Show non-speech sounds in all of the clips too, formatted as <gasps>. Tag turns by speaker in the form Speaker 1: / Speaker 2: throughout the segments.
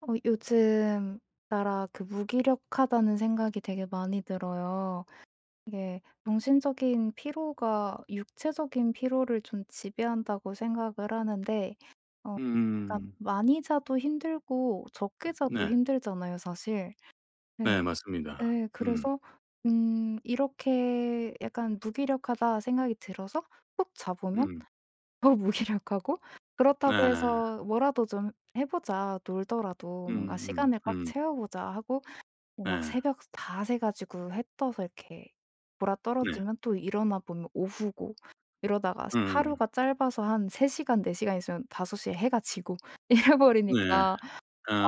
Speaker 1: 어 요즘 따라 그 '무기력하다.'는 생각이 되게 많이 들어요. 이게 '정신적인 피로가 육체적인 피로를 좀 지배한다.'고 생각을 하는데 어 약간
Speaker 2: 음.
Speaker 1: 많이 자도 힘들고 적게 자도
Speaker 2: 네.
Speaker 1: 힘들잖아요 사실.
Speaker 2: 네
Speaker 1: 네.
Speaker 2: 맞습니다.
Speaker 1: 예
Speaker 2: 음.
Speaker 1: 그래서 음 이렇게 약간 '무기력하다.' 생각이 들어서 푹 자 보면
Speaker 2: 음.
Speaker 1: 더 무기력하고 그렇다고
Speaker 2: 네.
Speaker 1: 해서 '뭐라도 좀 해 보자. 놀더라도 뭔가
Speaker 2: 음음
Speaker 1: 시간을 꽉
Speaker 2: 음.
Speaker 1: 채워 보자.' 하고 뭐 막
Speaker 2: 네.
Speaker 1: 새벽 다 새 가지고 해 떠서 이렇게
Speaker 2: 네.
Speaker 1: 곯아떨어지면 또 일어나 보면 오후고 이러다가
Speaker 2: 음.
Speaker 1: 하루가 짧아서 한 3 시간 4 시간 있으면 5 시에 해가 지고 이래
Speaker 2: 네.
Speaker 1: 버리니까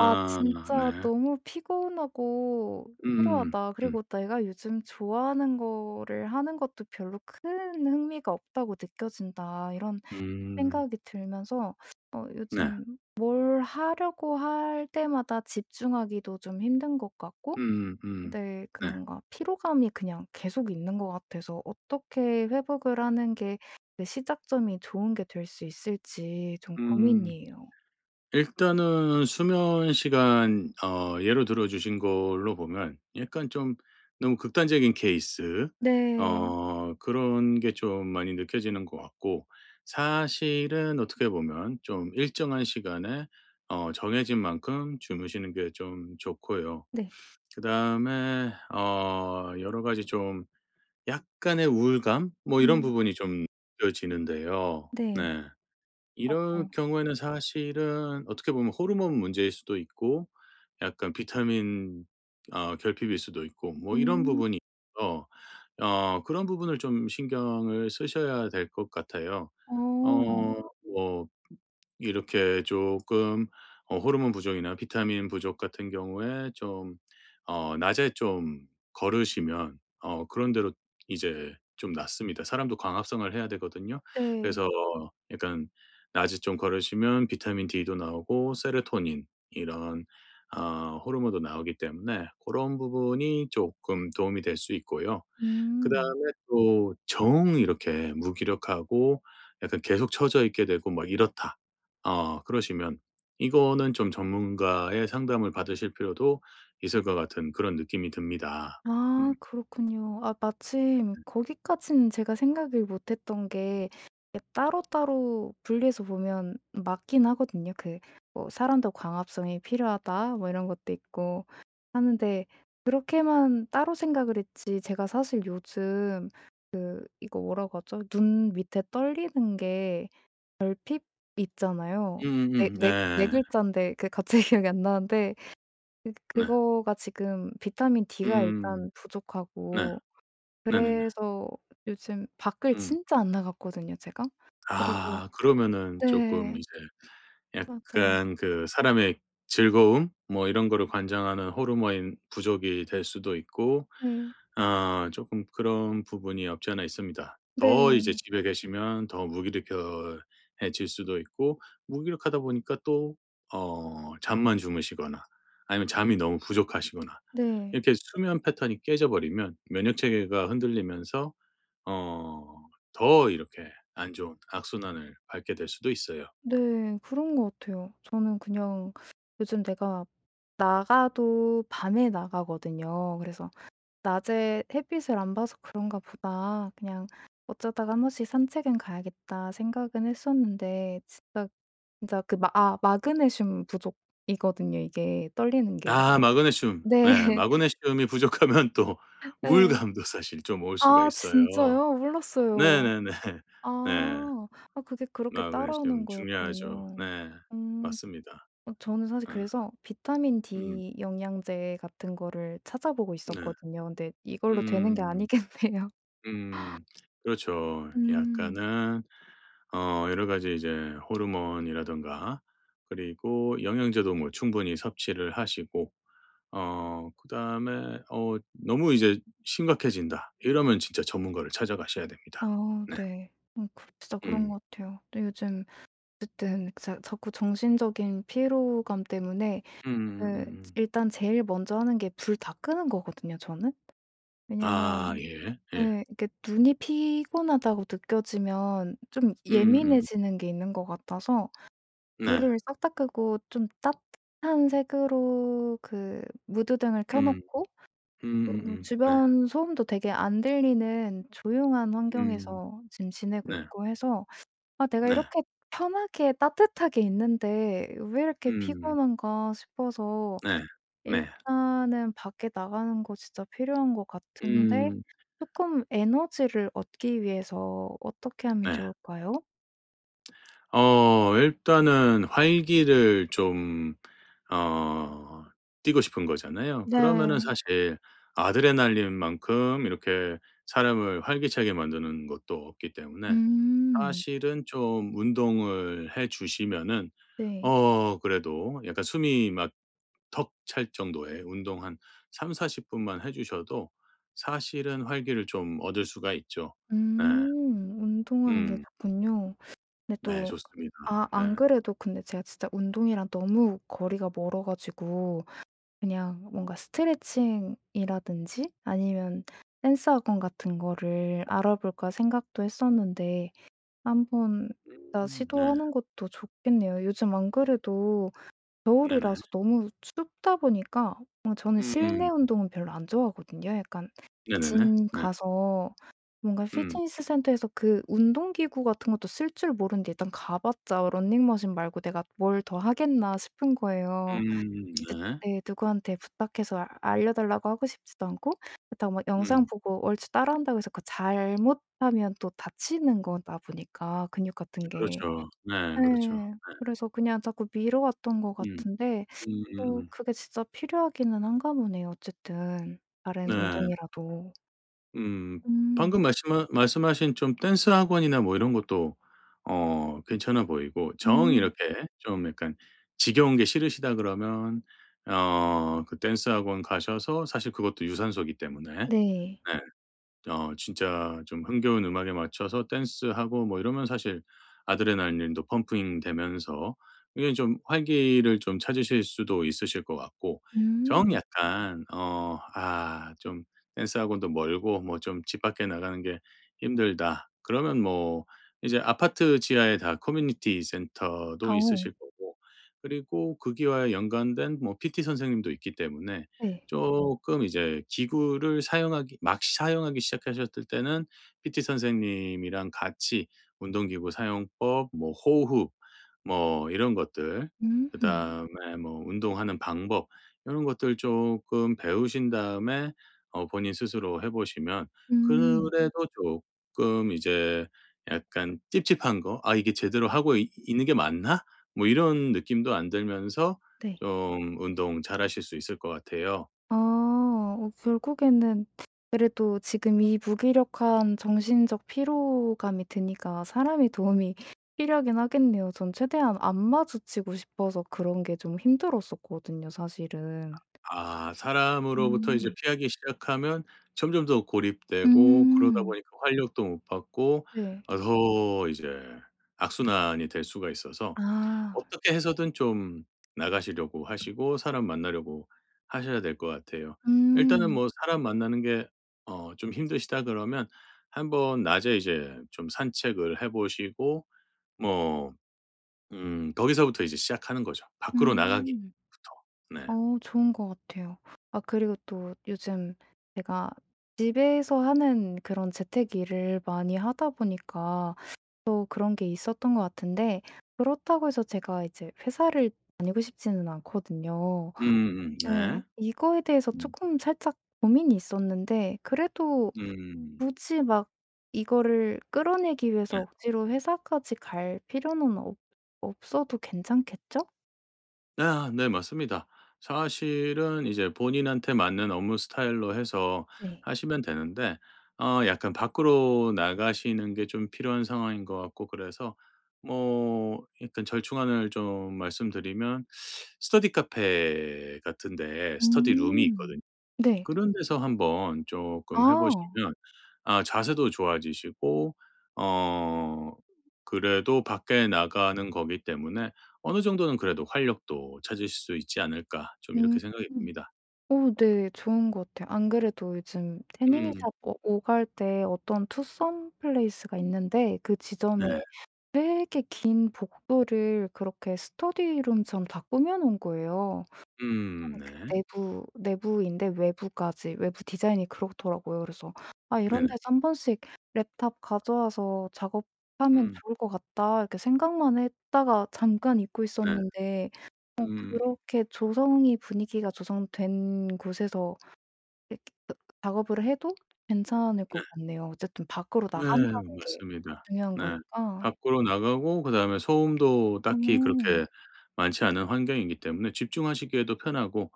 Speaker 1: '아 진짜
Speaker 2: 네.
Speaker 1: 너무 피곤하고
Speaker 2: 음음음
Speaker 1: 피로하다.'
Speaker 2: 음.
Speaker 1: 그리고 '내가 요즘 좋아하는 거를 하는 것도 별로 큰 흥미가 없다고 느껴진다.' 이런
Speaker 2: 음.
Speaker 1: 생각이 들면서 어
Speaker 2: 네.
Speaker 1: 요즘 뭘 하려고 할 때마다 집중하기도 좀 힘든 것 같고
Speaker 2: 음음.
Speaker 1: 네 그
Speaker 2: 네.
Speaker 1: 뭔가 피로감이 그냥 계속 있는 것 같아서 어떻게 회복을 하는 게 그 시작점이 좋은 게 될 수 있을지 좀
Speaker 2: 음.
Speaker 1: 고민이에요.
Speaker 2: 일단은 수면 시간 어 예로 들어 주신 걸로 보면 약간 좀 너무 극단적인 케이스
Speaker 1: 네.
Speaker 2: 어 그런 게 좀 많이 느껴지는 것 같고 사실은 어떻게 보면 좀 일정한 시간에 어 정해진 만큼 주무시는 게 좀 좋고요.
Speaker 1: 네.
Speaker 2: 그다음에 어 여러 가지 좀 약간의 우울감? 뭐 이런
Speaker 1: 음.
Speaker 2: 부분이 좀 느껴지는데요.
Speaker 1: 네.
Speaker 2: 네. 이럴
Speaker 1: 맞아요.
Speaker 2: 경우에는 사실은 어떻게 보면 호르몬 문제일 수도 있고 약간 비타민 어 결핍일 수도 있고 뭐 이런
Speaker 1: 음.
Speaker 2: 부분이 있고요. 어 그런 부분을 좀 신경을 쓰셔야 될 것 같아요.
Speaker 1: 어.
Speaker 2: 어 뭐 이렇게 쪼끔 어 호르몬 부족이나 비타민 부족 같은 경우에 좀 어 낮에 좀 걸으시면 어 그런대로 이제 좀 낫습니다. 사람도 광합성을 해야 되거든요.
Speaker 1: 네.
Speaker 2: 그래서 약간 낮에 좀 걸으시면 비타민 D도 나오고 세로토닌 이런 어 호르몬도 나오기 때문에 고런 부분이 쪼끔 도움이 될 수 있고요. 그
Speaker 1: 음.
Speaker 2: 다음에 또 정 이렇게 '무기력하고 약간 계속 처져 있게 되고 막 이렇다.' 어 그러시면 이거는 좀 전문가의 상담을 받으실 필요도 있을 것 같은 그런 느낌이 듭니다.
Speaker 1: 아
Speaker 2: 음.
Speaker 1: 그렇군요. 아 마침
Speaker 2: 음.
Speaker 1: 거기까지는 제가 생각을 못 했던 게 이 따로따로 분리해서 보면 맞긴 하거든요. 그 뭐 '사람도 광합성이 필요하다.' 뭐 이런 것도 있고 하는데 그렇게만 따로 생각을 했지 제가 사실 요즘 그 이거 뭐라고 하죠? 눈 밑에 떨리는 게 결핍 있잖아요. 그 4-
Speaker 2: 음음음 네.
Speaker 1: 4- 4 글자인데 그게 갑자기 기억이 안 나는데 그
Speaker 2: 네.
Speaker 1: 그거가 지금 비타민 D가
Speaker 2: 음.
Speaker 1: 일단
Speaker 2: 네.
Speaker 1: 부족하고
Speaker 2: 네네네.
Speaker 1: 그래서 요즘 밖을
Speaker 2: 음.
Speaker 1: 진짜 안 나갔거든요 제가? 그리고
Speaker 2: 아. 그러면은 쪼끔
Speaker 1: 네.
Speaker 2: 이제
Speaker 1: 맞아요.
Speaker 2: 약간 그 사람의 즐거움? 뭐 이런 거를 관장하는 호르몬이 부족이 될 수도 있고
Speaker 1: 네.
Speaker 2: 어 쪼끔 그런 부분이 없지 않아 있습니다. 더 이제
Speaker 1: 네.
Speaker 2: 집에 계시면 더 무기력 겨 해질 수도 있고 무기력하다 보니까 또 어 잠만 주무시거나 아니면 잠이 너무 부족하시거나
Speaker 1: 네.
Speaker 2: 이렇게 수면 패턴이 깨져 버리면 면역 체계가 흔들리면서 어 더 이렇게 안 좋은 악순환을 밟게 될 수도 있어요.
Speaker 1: 네. 그런 것 같아요. 저는 그냥 요즘 내가 나가도 밤에 나가거든요. 그래서 '낮에 햇빛을 안 봐서 그런가 보다. 그냥 어쩌다가 1 번씩 산책은 가야겠다.' 생각은 했었는데 진짜, 진짜 그 마 아 마그네슘 부족이거든요 이게 떨리는 게.
Speaker 2: 아 마그네슘.
Speaker 1: 네.
Speaker 2: 네 마그네슘이 부족하면 또
Speaker 1: 예.
Speaker 2: 우울감도 사실 좀 올 수가
Speaker 1: 아
Speaker 2: 있어요.
Speaker 1: 진짜요? 몰랐어요.
Speaker 2: 네네네. 예.
Speaker 1: 아. 아 그게 그렇게 따라오는
Speaker 2: 마그네슘 중요하죠.
Speaker 1: 거였군요.
Speaker 2: 네.
Speaker 1: 음.
Speaker 2: 맞습니다.
Speaker 1: 어 저는 사실
Speaker 2: 어.
Speaker 1: 그래서 비타민
Speaker 2: 음.
Speaker 1: D 영양제 같은 거를 찾아보고
Speaker 2: 네.
Speaker 1: 있었거든요. 근데 이걸로 되는 게
Speaker 2: 음음.
Speaker 1: 아니겠네요.
Speaker 2: 음. 그렇죠.
Speaker 1: 음.
Speaker 2: 약간은 어 여러 가지 이제 호르몬이라든가 그리고 영양제도 뭐 충분히 섭취를 하시고 어 그다음에 어 '너무 이제 심각해진다.' 이러면 진짜 전문가를 찾아가셔야
Speaker 1: 아
Speaker 2: 됩니다.
Speaker 1: 어
Speaker 2: 네.
Speaker 1: 네. 어 그렇 진짜 그런
Speaker 2: 음.
Speaker 1: 것 같아요. 네 요즘 어쨌든 자 자꾸 정신적인 피로감 때문에 그 즈
Speaker 2: 음음음음.
Speaker 1: 일단 제일 먼저 하는 게 불 다 끄는 거거든요 저는.
Speaker 2: 아
Speaker 1: 왜냐하면
Speaker 2: 예. 예.
Speaker 1: 예 이렇게 '눈이 피곤하다.'고 느껴지면 좀
Speaker 2: 음음음.
Speaker 1: 예민해지는 게 있는 것 같아서
Speaker 2: 네.
Speaker 1: 불을 싹 다 끄고 좀 따뜻한 색으로 그 무드등을 켜
Speaker 2: 음.
Speaker 1: 놓고 쪼금
Speaker 2: 음음음. 네.
Speaker 1: 주변 소음도 되게 안 들리는 조용한
Speaker 2: 음.
Speaker 1: 환경에서 지금 지내고
Speaker 2: 네.
Speaker 1: 있고 해서 '아 내가
Speaker 2: 네.
Speaker 1: 이렇게 편하게 따뜻하게 있는데 왜 이렇게
Speaker 2: 음.
Speaker 1: 피곤한가.' 싶어서
Speaker 2: 네. 네.
Speaker 1: 일단은 밖에 나가는 거 진짜 필요한 것 같은데
Speaker 2: 음.
Speaker 1: 쪼끔 에너지를 얻기 위해서 어떻게 하면
Speaker 2: 네.
Speaker 1: 좋을까요?
Speaker 2: 어 일단은 활기를 좀 어 띠고 싶은 거잖아요. 그러면은
Speaker 1: 네.
Speaker 2: 사실 아드레날린만큼 이렇게 사람을 활기차게 만드는 것도 없기 때문에
Speaker 1: 음.
Speaker 2: 사실은 좀 운동을 해 주시면은
Speaker 1: 네.
Speaker 2: 어 그래도 약간 숨이 막 턱 찰 정도의 운동 한 30-40 분만 해 주셔도 사실은 활기를 좀 얻을 수가 있죠. 네.
Speaker 1: 음. 운동하는 게
Speaker 2: 음.
Speaker 1: 좋군요. 근데
Speaker 2: 네
Speaker 1: 또
Speaker 2: 좋습니다.
Speaker 1: 아 안
Speaker 2: 예.
Speaker 1: 그래도 근데 제가 진짜 운동이랑 너무 거리가 멀어 가지고 그냥 뭔가 '스트레칭이라든지 아니면 댄스 학원 같은 거를 알아볼까.' 생각도 했었는데 한번 다
Speaker 2: 음 네.
Speaker 1: 시도하는 것도 좋겠네요. 요즘 안 그래도
Speaker 2: 네네.
Speaker 1: 겨울이라서 너무 춥다 보니까 어 저는
Speaker 2: 음.
Speaker 1: 실내 운동은 별로 안 좋아하거든요, 약간.
Speaker 2: 네네네.
Speaker 1: 짐
Speaker 2: 네.
Speaker 1: 가서 뭔가
Speaker 2: 음.
Speaker 1: 피트니스 센터에서 그 운동 기구 같은 것도 쓸 줄 모르는데 일단 가봤자 '러닝머신 말고 내가 뭘 더 하겠나.' 싶은 거예요.
Speaker 2: 음 네.
Speaker 1: 네 누구한테 부탁해서 알려 달라고 하고 싶지도 않고 그렇다고 막 영상
Speaker 2: 음.
Speaker 1: 보고 얼추 따라 한다고 해서 그거 잘못하면 또 다치는 거다 보니까 근육 같은 게.
Speaker 2: 그렇죠. 네 그렇죠.
Speaker 1: 네.
Speaker 2: 네.
Speaker 1: 그래서 그냥 자꾸 미뤄왔던 것
Speaker 2: 음.
Speaker 1: 같은데 어
Speaker 2: 음.
Speaker 1: 그게 진짜 필요하기는 한가 보네요, 어쨌든 다른
Speaker 2: 네.
Speaker 1: 운동이라도.
Speaker 2: 음.
Speaker 1: 음.
Speaker 2: 방금 말씀하 말씀하신 좀 댄스 학원이나 뭐 이런 것도 어 괜찮아 보이고 정
Speaker 1: 음.
Speaker 2: 이렇게 좀 약간 "지겨운 게 싫으시다." 그러면 어 그 댄스 학원 가셔서 사실 그것도 유산소이기 때문에
Speaker 1: 네.
Speaker 2: 네. 어 진짜 좀 흥겨운 음악에 맞춰서 댄스하고 뭐 이러면 사실 아드레날린도 펌핑되면서 이게 좀 활기를 좀 찾으실 수도 있으실 것 같고 정
Speaker 1: 음.
Speaker 2: 약간 어 아 좀 "댄스 학원도 멀고 뭐 좀 집 밖에 나가는 게 힘들다." 그러면 뭐 이제 아파트 지하에 다 커뮤니티 센터도
Speaker 1: 어.
Speaker 2: 있으실 거고 그리고 거기와의 연관된 뭐 PT 선생님도 있기 때문에
Speaker 1: 네.
Speaker 2: 쪼끔 이제 기구를 사용하기 막 사용하기 시작하셨을 때는 PT 선생님이랑 같이 운동기구 사용법, 뭐 호흡 뭐 이런 것들
Speaker 1: 음.
Speaker 2: 그다음에 뭐 운동하는 방법 요런 것들 쪼끔 배우신 다음에 어 본인 스스로 해 보시면
Speaker 1: 음.
Speaker 2: 그래도 쪼끔 이제 약간 찝찝한 거 '아 이게 제대로 하고 이 있는 게 맞나?' 뭐 이런 느낌도 안 들면서
Speaker 1: 네.
Speaker 2: 좀 운동 잘하실 수 있을 것 같아요.
Speaker 1: 아. 어 결국에는 그래도 지금 이 무기력한 정신적 피로감이 드니까 사람의 도움이 필요하긴 하겠네요. 저는 최대한 안 마주치고 싶어서 그런 게 좀 힘들었었거든요, 사실은.
Speaker 2: 아 사람으로부터 이제
Speaker 1: 음.
Speaker 2: 피하기 시작하면 점점 더 고립되고 그러다
Speaker 1: 음.
Speaker 2: 보니까 활력도 못 받고
Speaker 1: 네.
Speaker 2: 아 더 이제 악순환이 될 수가 있어서
Speaker 1: 아.
Speaker 2: 어떻게 해서든 좀 나가시려고 하시고 사람 만나려고 하셔야 될 것 같아요. 일단은
Speaker 1: 음.
Speaker 2: 뭐 "사람 만나는 게 어 좀 힘드시다." 그러면 한번 낮에 이제 좀 산책을 해 보시고 뭐 음 거기서부터 이제 시작하는 거죠, 밖으로 나가기부터.
Speaker 1: 음.
Speaker 2: 네.
Speaker 1: 어 좋은 것 같아요. 아 그리고 또 요즘 제가 집에서 하는 그런 재택 일을 많이 하다 보니까 또 그런 게 있었던 것 같은데 그렇다고 해서 제가 이제 회사를 다니고 싶지는 않거든요.
Speaker 2: 음음. 네.
Speaker 1: 네. 이거에 대해서
Speaker 2: 음.
Speaker 1: 조금 살짝 고민이 있었는데 그래도
Speaker 2: 음.
Speaker 1: 굳이 막 이거를 끌어내기
Speaker 2: 네.
Speaker 1: 위해서 억지로 회사까지 갈 필요는 없 없어도 괜찮겠죠?
Speaker 2: 예 아 네 맞습니다. 사실은 이제 본인한테 맞는 업무 스타일로 해서
Speaker 1: 네.
Speaker 2: 하시면 되는데 어 약간 밖으로 나가시는 게 좀 필요한 상황인 것 같고 그래서 뭐 약간 절충안을 좀 말씀드리면 <sucks teeth> 스터디 카페 같은 데에 스터디 룸이
Speaker 1: 음.
Speaker 2: 있거든요.
Speaker 1: 네.
Speaker 2: 그런 데서 한번 쪼끔 해
Speaker 1: 아.
Speaker 2: 보시면 아 자세도 좋아지시고 어 그래도 '밖에 나가는 거기 때문에 어느 정도는 그래도 활력도 찾으실 수 있지 않을까?' 좀
Speaker 1: 음.
Speaker 2: 이렇게 생각이 듭니다.
Speaker 1: 어 네. 좋은 것 같아요. 안 그래도 요즘
Speaker 2: 음.
Speaker 1: 태닝샵 오 오갈 때 어떤 투썸플레이스가 있는데 그 지점에
Speaker 2: 네.
Speaker 1: 되게 긴 복도를 그렇게 스터디룸처럼 다 꾸며 놓은 거예요. <unintelligible>
Speaker 2: 음
Speaker 1: 그
Speaker 2: 네.
Speaker 1: 내부 내부인데 외부까지, 외부 디자인이 그렇더라고요. 그래서 '아 이런
Speaker 2: 네네.
Speaker 1: 데서 1 번씩 랩탑 가져와서 작업하면
Speaker 2: 음.
Speaker 1: 좋을 것 같다.' 이렇게 생각만 했다가 잠깐 잊고
Speaker 2: 네.
Speaker 1: 있었는데 어
Speaker 2: 음.
Speaker 1: 그렇게 조성이 분위기가 조성된 곳에서 예 그 작업을 해도 괜찮을
Speaker 2: 네.
Speaker 1: 것 같네요. 어쨌든 밖으로
Speaker 2: 네
Speaker 1: 나간다는 게
Speaker 2: 맞습니다.
Speaker 1: 중요한
Speaker 2: 네.
Speaker 1: 거니까.
Speaker 2: 밖으로 나가고 그다음에 소음도 딱히
Speaker 1: 음.
Speaker 2: 그렇게 많지 않은 환경이기 때문에 집중하시기에도 편하고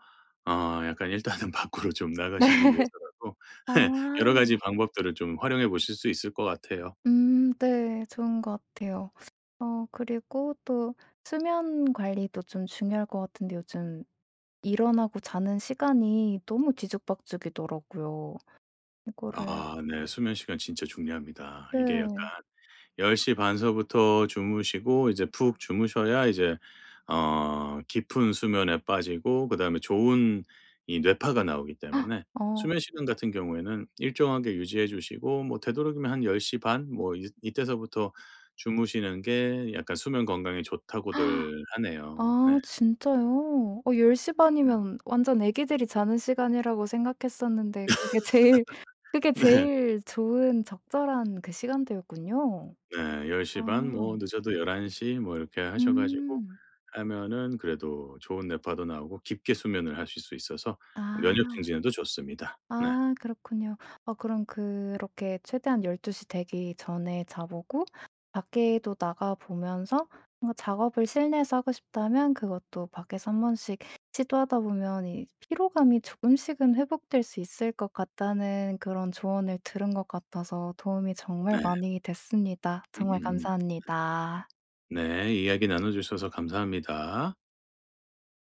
Speaker 2: 어 약간 일단은 밖으로 좀
Speaker 1: 네.
Speaker 2: 나가시기 위해서라도
Speaker 1: 아.
Speaker 2: 예 여러 가지 방법들을 좀 활용해 보실 수 있을 것 같아요.
Speaker 1: 음 네. 좋은 것 같아요. 어 그리고 또 수면 관리도 좀 중요할 것 같은데 요즘 일어나고 자는 시간이 너무 뒤죽박죽이더라고요. 이거를
Speaker 2: 아 네. 수면 시간 진짜 중요합니다. 이게 약간
Speaker 1: 네.
Speaker 2: 10:30 서부터 주무시고 이제 푹 주무셔야 이제 어 깊은 수면에 빠지고 그다음에 좋은 이 뇌파가 나오기
Speaker 1: <gasps>
Speaker 2: 때문에
Speaker 1: 어.
Speaker 2: 수면 시간 같은 경우에는 일정하게 유지해 주시고 뭐 되도록이면 한 "10:30 뭐 이 이때서부터 주무시는 게 약간 수면 건강에 좋다."고들
Speaker 1: <gasps>
Speaker 2: 하네요. 네.
Speaker 1: 아 진짜요? 어 10:30
Speaker 2: 으음.
Speaker 1: 이면 완전 아기들이 자는 시간이라고 생각했었는데 그게 제일
Speaker 2: <laughs>
Speaker 1: 그게
Speaker 2: 네.
Speaker 1: 제일 좋은 적절한 그 시간대였군요.
Speaker 2: 네. 10:30
Speaker 1: 아.
Speaker 2: 뭐 늦어도 11:00 뭐 이렇게 하셔 가지고
Speaker 1: 음.
Speaker 2: 하면은 그래도 좋은 뇌파도 나오고 깊게 수면을 하실 수 있어서 면역
Speaker 1: 아.
Speaker 2: 증진에도 좋습니다. 네.
Speaker 1: 아 그렇군요. 어 그럼 그렇게 최대한 12:00 되기 전에 자 보고 밖에도 나가 보면서 뭔가 작업을 실내에서 하고 싶다면 그것도 밖에서 1 번씩 시도하다 보면 이 "피로감이 조금씩은 회복될 수 있을 것 같다."는 그런 조언을 들은 것 같아서 도움이 정말
Speaker 2: 네.
Speaker 1: 많이 됐습니다. 정말
Speaker 2: 음.
Speaker 1: 감사합니다.
Speaker 2: 네. 이야기 나눠 주셔서 감사합니다.